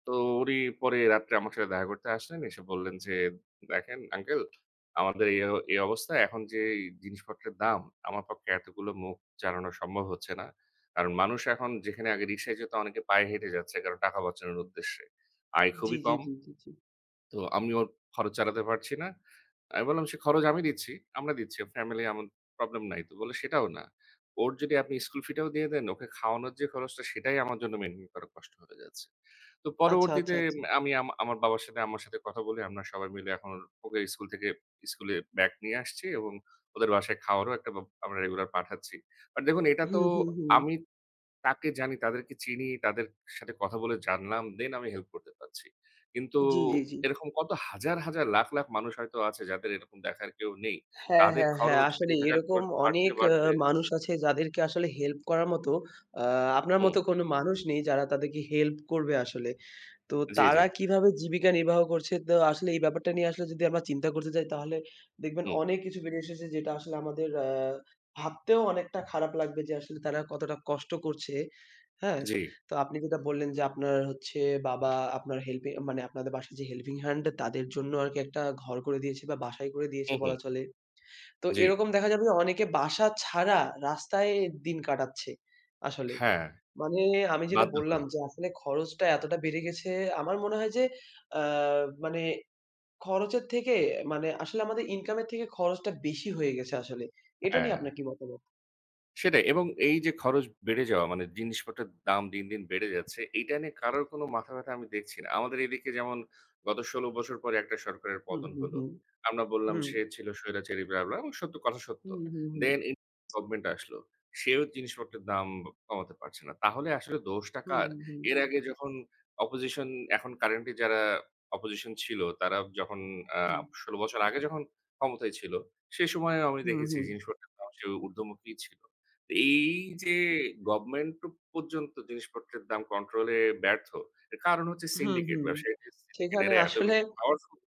তো উনি পরে রাত্রে আমার সাথে দেখা করতে আসলেন। এসে বললেন যে, "দেখেন আঙ্কেল, আমাদের এ এই অবস্থায় এখন যে জিনিসপত্রের দাম, আমার পক্ষে এতগুলো মুখ চালানো সম্ভব হচ্ছে না। কারণ, মানুষ এখন যেখানে আগে রিক্সায় যেত, অনেকে পায়ে হেঁটে যাচ্ছে। কারণ টাকা বাঁচানোর উদ্দেশ্যে, আয় জী, খুবই জী, কম। জী, জী, জী। তো আমি ওর খরচ চালাতে পারছি না।" আমি বললাম, "সে খরচ আমি দিচ্ছি, আমরা দিচ্ছি। ফ্যামিলি আমার, প্রবলেম নাই।" তো বললো, "সেটাও না। ওর যদি আপনি স্কুল ফি টাও দিয়ে দেন, ওকে খাওয়ানোর যে খরচটা সেটাই আমার জন্য মেইনটেইন করা কষ্ট হতে যাচ্ছে।" তো আচ্ছা, পরবর্তীতে আচ্ছা, আচ্ছা। আ আমি আমার বাবার সাথে আম্মার সাথে কথা বলি, আমরা সবাই মিলে এখন ওকে স্কুল থেকে, স্কুলে ব্যাক নিয়ে আসছি এবং ওদের বাসায় খাওয়ারও একটা, আমরা রেগুলার পাঠাচ্ছি। বাট দেখুন, এটা তো হুম, হুম, হুম। আমি তাকে জানি, তাদেরকে চিনি। তাদের সাথে কথা বলে জানলাম, দেন, আমি হেল্প করতে পারছি। কিন্তু জী, জী, জী। এরকম কত হাজার, হাজার, লাখ, লাখ, মানুষ হয়তো আছে, যাদের এরকম দেখার কেউ নেই। হ্যাঁ, তাদের হ্যাঁ, হ্যাঁ। খরচ, আসলে, বেঁচে থাকার এরকম খরচ বাড়তে, অনেক আ বাড়তে মানুষ আছে, যাদেরকে আসলে হেল্প করার মতো, আ আপনার মত হুম। কোনো মানুষ নেই, যারা তাদেরকে হেল্প করবে আসলে। তো জী, তারা জী। কিভাবে জীবিকা নির্বাহ করছে, তো আসলে এই ব্যাপারটা নিয়ে আসলে, যদি আমরা চিন্তা করতে যাই, তাহলে দেখবেন হুম। অনেক কিছু বেরে এসেছে যেটা আসলে আমাদের আ ভাবতেও অনেকটা খারাপ লাগবে যে, আসলে তারা কতটা কষ্ট করছে। হ্যাঁ, জী। তো আপনি যেটা বললেন যে, আপনার হচ্ছে বাবা আপনার হেল্পে মানে, আপনাদের বাসায় যে হেল্পিং হ্যান্ড তাদের জন্য আরকি একটা ঘর করে দিয়েছে বা বাসাই করে দিয়েছে হুম, হুম। বলা চলে। তো জী। এরকম দেখা যাবে যে, অনেকে বাসা ছাড়া, রাস্তায় দিন কাটাচ্ছে। আসলে হ্যাঁ, মানে, আমি যেটা বাধ্য বললাম হয়। যে, আসলে খরচটা এতটা বেড়ে গেছে, আমার মনে হয় যে, আ মানে খরচের থেকে মানে, আসলে আমাদের ইনকাম এর থেকে খরচটা বেশি হয়ে গেছে, আসলে। এটা নিয়ে হ্যাঁ। আপনার কি মতামত? সেটাই এবং এইযে খরচ বেড়ে যাওয়া, মানে জিনিসপত্রের দাম দিন, দিন বেড়ে যাচ্ছে। এইটা নিয়ে কারোর কোনো মাথাব্যথা আমি দেখছি না। আমাদের এদিকে যেমন গত ১৬ বছর পরে একটা সরকারের হুম, পতন হুম, হলো। হুম, আমরা বললাম, হুম। সে ছিল স্বৈরাচারী ব্লাহ, ব্লাহ এবং সত্য, কথা সত্য। হুম, হুম, হুম। দেন [unintelligible] গভর্নমেন্ট আসলো সেও জিনিসপত্রের দাম কমাতে পারছে না। তাহলে আসলে দোষটা হুম, কার? হুম, হুম। এর আগে যখন অপোজিশন এখন কারেন্টলি যারা অপোজিশন ছিল, তারা যখন আ হুম। ১৬ বছর আগে যখন ক্ষমতায় ছিল, সে সময় আমি হুম, দেখেছি হুম। জিনিসপত্রের দাম যে ঊর্ধ্বমুখী ছিল। এই যে গভর্নমেন্ট পর্যন্ত জিনিসপত্রের দাম কন্ট্রোলে ব্যর্থ, এর কারণ হচ্ছে, হুম, সিন্ডিকেট হুম। ব্যবসায়ী। সিন্ডিকেট সেখানে এরা এত আসলে বেশি পাওয়ারফুল